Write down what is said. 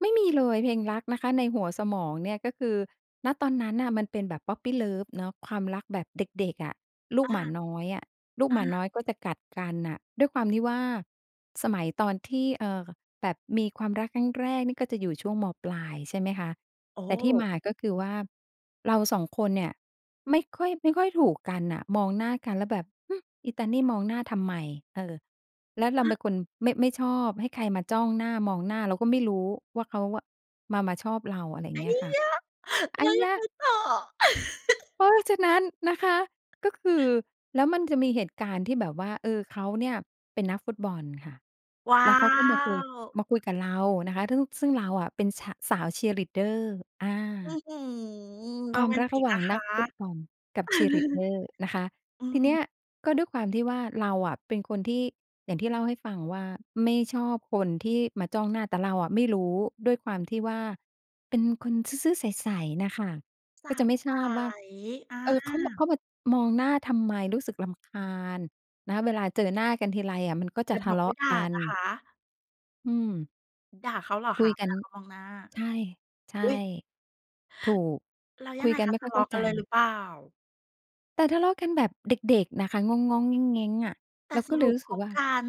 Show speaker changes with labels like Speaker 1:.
Speaker 1: ไม่มีเลยเพลงรักนะคะในหัวสมองเนี่ย ก็คือ ณ ตอนนั้นน่ะมันเป็นแบบ puppy love เนาะ ความรักแบบเด็ก ๆ อะ ลู
Speaker 2: อ
Speaker 1: ก
Speaker 2: า
Speaker 1: หมาน้อยอะ ลูก
Speaker 2: อ
Speaker 1: หมาน
Speaker 2: า
Speaker 1: ้อยก็จะกัดกันน่ะ ด้วยความที่ว่าสมัยตอนที่ เอ่อ แบบมีความรักครั้งแรกนี่ก็จะอยู่ช่วง ม.ปลาย ใช่ไหมคะ
Speaker 2: โอ
Speaker 1: แต่ที่ม
Speaker 2: ้!
Speaker 1: าก็คือว่า เรา 2 คนเนี่ยไม่ค่อย ไม่ค่อยถูกกันน่ะ มองหน้ากันแล้วแบบ ฮึ อีตานี่มองหน้าทำไม เออ แล้วเรา
Speaker 2: ฮ
Speaker 1: เป
Speaker 2: ะ!
Speaker 1: ็นคนไม่ ไม่ชอบให้ใครมาจ้องหน้า มองหน้าเราก็ไม่รู้ว่าเขาอะมา มาชอบเรา อะไรอย
Speaker 2: อ
Speaker 1: ่าง
Speaker 2: ั
Speaker 1: เงี
Speaker 2: ย
Speaker 1: ้ยค่ะ
Speaker 2: ยะ!
Speaker 1: อ
Speaker 2: แล
Speaker 1: ั
Speaker 2: ้
Speaker 1: ย
Speaker 2: วย
Speaker 1: ย
Speaker 2: ังไง
Speaker 1: ะ
Speaker 2: ต่อ?
Speaker 1: เพราะฉะนั้นนะคะ ก็คือ แล้วมันจะมีเหตุการณ์ที่แบบว่า เออ เขาเนี่ยเป็นนักฟุตบอลค่ะ
Speaker 2: ว้
Speaker 1: แ
Speaker 2: า
Speaker 1: ล้วเขาก็มาคุย
Speaker 2: ว!
Speaker 1: มาคุยกับเรานะคะ ซึ่ง ซึ่งเราอะเป็นชะ สาวเชียร์ลีดเดอร์ อ
Speaker 2: อื้
Speaker 1: า
Speaker 2: อฮือ โ
Speaker 1: ค
Speaker 2: ร
Speaker 1: วา
Speaker 2: แ
Speaker 1: ม
Speaker 2: ม
Speaker 1: ร
Speaker 2: น
Speaker 1: ัก
Speaker 2: ติ
Speaker 1: ระ
Speaker 2: ก
Speaker 1: หว่า
Speaker 2: น
Speaker 1: ง
Speaker 2: ะค
Speaker 1: นั
Speaker 2: ะ
Speaker 1: กฟุตบอลกับเชียร์ลีดเดอร์นะคะ
Speaker 2: อื
Speaker 1: ทีเนี้
Speaker 2: ม
Speaker 1: ย ก็ด้วยความที่ว่า เราอะเป็นคนที่ อย่างที่เล่าให้ฟังว่า ไม่ชอบคนที่มาจ้องหน้า แต่เราอะไม่รู้ด้วยความที่ว่าเป็นคนซื่อ ๆ ใส ๆ น่ะค่ะ
Speaker 2: ส
Speaker 1: ก็
Speaker 2: า
Speaker 1: จะ
Speaker 2: ว
Speaker 1: ไม่
Speaker 2: ใ
Speaker 1: ท
Speaker 2: ส
Speaker 1: ราบว่า
Speaker 2: อ
Speaker 1: เออ เขามา
Speaker 2: า
Speaker 1: เขามามองหน้าทำไมรู้สึกรำคาญนะ เวลาเจอหน้ากันทีไรอะ มันก็จ
Speaker 2: อย
Speaker 1: ะ
Speaker 2: ่า
Speaker 1: ท
Speaker 2: บ
Speaker 1: ะ
Speaker 2: อก
Speaker 1: เล
Speaker 2: ไม
Speaker 1: า
Speaker 2: ่
Speaker 1: ะ
Speaker 2: ผ่
Speaker 1: ก
Speaker 2: าน
Speaker 1: ัน
Speaker 2: นะคะ
Speaker 1: อืม
Speaker 2: ด่าเขาเหรอ
Speaker 1: ค
Speaker 2: ค
Speaker 1: ุ
Speaker 2: ะ
Speaker 1: ย
Speaker 2: เว
Speaker 1: กัน
Speaker 2: ลาเขามองหน้า?
Speaker 1: ใช่ ใช่
Speaker 2: อุ๊ย!
Speaker 1: ถูก
Speaker 2: แล้วย
Speaker 1: ค
Speaker 2: ั
Speaker 1: ุ
Speaker 2: งไ
Speaker 1: ย
Speaker 2: ง
Speaker 1: กัน
Speaker 2: ค
Speaker 1: ไ
Speaker 2: ะ
Speaker 1: ม่
Speaker 2: ท
Speaker 1: ค่อ
Speaker 2: ะเ
Speaker 1: ย
Speaker 2: ล
Speaker 1: เข
Speaker 2: า
Speaker 1: ้า
Speaker 2: ะก
Speaker 1: ใ
Speaker 2: ั
Speaker 1: จ
Speaker 2: นเลยหรือเปล่า?
Speaker 1: แต่ทะเลาะกันแบบเด็ก ๆ น่ะค่ะ ง้อง ๆ แง้ง ๆ อะ
Speaker 2: แต
Speaker 1: เ
Speaker 2: ่
Speaker 1: รา
Speaker 2: ส
Speaker 1: ก็เล
Speaker 2: ร
Speaker 1: ย
Speaker 2: ุป
Speaker 1: รู้ส
Speaker 2: ค
Speaker 1: ึก
Speaker 2: บ
Speaker 1: ว่า
Speaker 2: กัน